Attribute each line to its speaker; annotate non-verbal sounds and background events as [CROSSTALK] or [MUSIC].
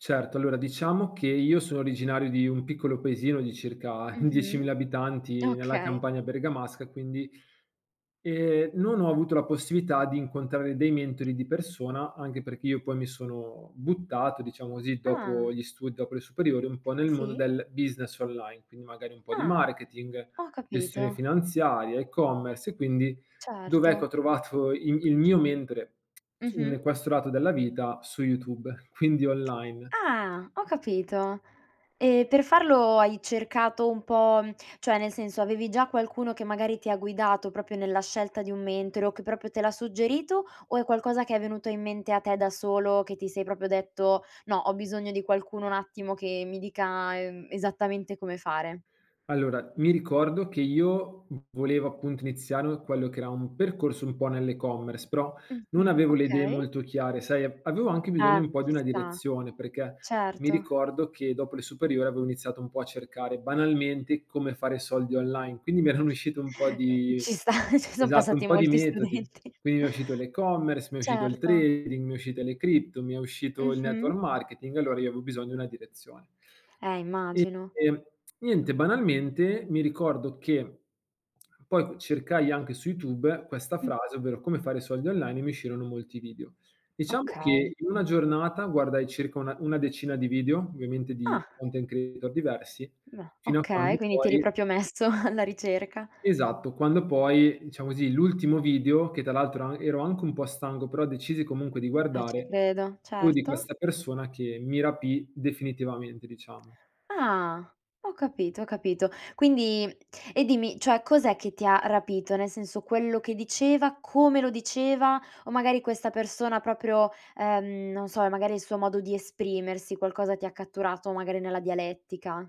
Speaker 1: Certo, allora diciamo che io sono originario di un piccolo paesino di circa
Speaker 2: Mh-mh,
Speaker 1: 10000 abitanti, nella
Speaker 2: okay.
Speaker 1: campagna bergamasca quindi e, non ho avuto la possibilità d'incontrare dei mentori di persona, anche perché io poi mi sono buttato, diciamo così,
Speaker 2: Ah.
Speaker 1: dopo gli studi, dopo le superiori, un po' nel mondo
Speaker 2: Sì.
Speaker 1: del business online, quindi magari un po' di
Speaker 2: Ah,
Speaker 1: marketing,
Speaker 2: ho
Speaker 1: gestione
Speaker 2: capito.
Speaker 1: finanziaria, e-commerce e quindi dove, ecco,
Speaker 2: Certo.
Speaker 1: ho trovato il il mio mentore s in
Speaker 2: Mh-mh.
Speaker 1: questo lato della vita, su YouTube, quindi online.
Speaker 2: Ah, ho capito. E per farlo hai cercato un po' mhmm, cioè nel senso, avevi già qualcuno che magari ti ha guidato proprio nella scelta di un mentore o che proprio te l' ha suggerito, o è qualcosa che è venuto in mente a te da solo che ti sei proprio detto: "No, ho bisogno di qualcuno un attimo che mi dica, uhm, esattamente come fare"?
Speaker 1: Allora mi ricordo che io v volevo appunto iniziare quello che era un percorso un po' nell'e-commerce, però non
Speaker 2: Mh-mh.
Speaker 1: avevo le idee
Speaker 2: Okay.
Speaker 1: molto chiare, sai a avevo anche bisogno
Speaker 2: Eh,
Speaker 1: un po' di
Speaker 2: ci
Speaker 1: una
Speaker 2: sta.
Speaker 1: direzione, perché mi
Speaker 2: Certo.
Speaker 1: ricordo che, dopo le superiori, avevo iniziato un po' a cercare banalmente come fare soldi online, quindi mi erano
Speaker 2: [CHUCKLES]
Speaker 1: uscite un po'
Speaker 2: Mh,
Speaker 1: di
Speaker 2: ci sta. Ci son
Speaker 1: esatto, un
Speaker 2: passati
Speaker 1: po' di
Speaker 2: molti
Speaker 1: metodi,
Speaker 2: studenti.
Speaker 1: quindi mi è uscito l'e-commerce, mi è uscito il
Speaker 2: Certo.
Speaker 1: trading, mi è uscito le cripto, mi è uscito il network
Speaker 2: Mh-mh.
Speaker 1: marketing, allora io avevo bisogno di una direzione.
Speaker 2: Eh, immagino.
Speaker 1: E e [TSK] niente, banalmente, mi ricordo che poi c cercai anche su YouTube questa frase,
Speaker 2: [UNINTELLIGIBLE]
Speaker 1: ovvero: "come fare soldi online" e mi uscirono molti video. Diciamo che
Speaker 2: Okay.
Speaker 1: in una giornata guardai circa una una decina di video ovviamente di
Speaker 2: Ah.
Speaker 1: content creator diversi
Speaker 2: Ah,
Speaker 1: fino a
Speaker 2: okay,
Speaker 1: quando
Speaker 2: quindi ti eri
Speaker 1: poi
Speaker 2: proprio messo alla ricerca.
Speaker 1: Esatto, quando poi, diciamo così, l'ultimo video, che tra l'altro ero a ero anche un po' stanco, però decisi comunque di
Speaker 2: Eh, ci
Speaker 1: guardare,
Speaker 2: credo,
Speaker 1: fu di
Speaker 2: certo.
Speaker 1: questa persona che mi rapì, definitivamente, diciamo.
Speaker 2: Ah. Ho capito, ho capito. Quindi e dimmi, cioè cos'è che ti ha rapito? Nel senso quello che diceva, come lo diceva o magari questa persona proprio ehm, non so, è magari il suo modo di esprimersi, qualcosa ti catturato, magari nella dialettica?